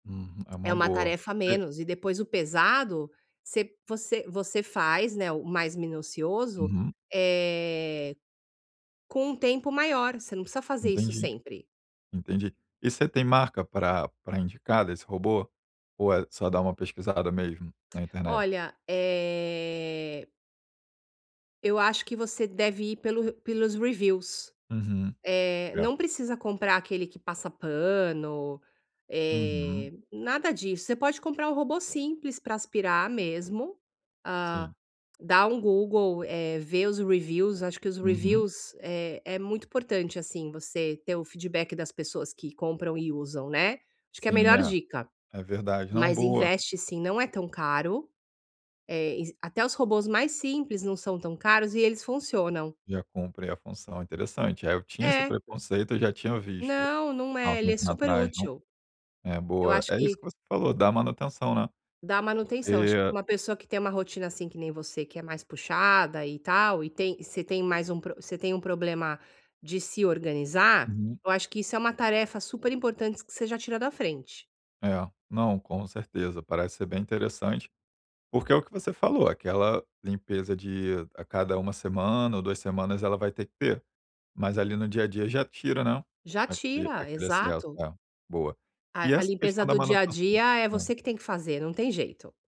Hum, é É uma uma boa. tarefa a É menos e depois o pesado você você você faz, né, o mais minucioso, Uhum. eh, com um tempo maior. Você não precisa fazer isso Entendi, sempre. entendi. E você tem marca pra pra indicar desse robô ou é só dar uma pesquisada mesmo na internet? Olha, eh eu acho que você deve ir pelo r pelos reviews. Uhum, Eh, é. não precisa comprar aquele que passa pano, Uhum. eh, nada disso, você pode comprar um robô simples, pra aspirar mesmo. Ah, Sim. dá um Google, eh, vê os reviews, acho que os Uhum. reviews é é muito importante, assim, você ter o feedback das pessoas que compram e usam, né, acho que é a Sim, melhor é, dica. é verdade. Não, Mas boa. investe sim, não é tão caro, eh, es até os robôs mais simples não são tão caros e eles funcionam. Já cumpre a função, interessante. É, eu tinha esse É. preconceito, eu já tinha visto Não, não há um é, ele é tempinho super atrás no útil. é, Eu boa. acho É isso que que você falou, dar a manutenção, né, Dar a manutenção. Acho que pra porque uma pessoa que tem uma rotina, assim, que nem você, que é mais puxada e tal, e tem você tem mais um pro você tem um problema de se organizar, Uhum. eu acho que isso é uma tarefa super importante que você já tira da frente. É, não, com certeza. Parece ser bem interessante, porque é o que você falou, aquela limpeza de a cada 1 semana ou 2 semanas, ela vai ter que ter. Mas ali no dia a dia já tira, né, Já aquele tira, aquele excesso. exato. É, boa. E A a essa questão limpeza da do dia a manutenção dia é hã. você que tem que fazer, não tem jeito.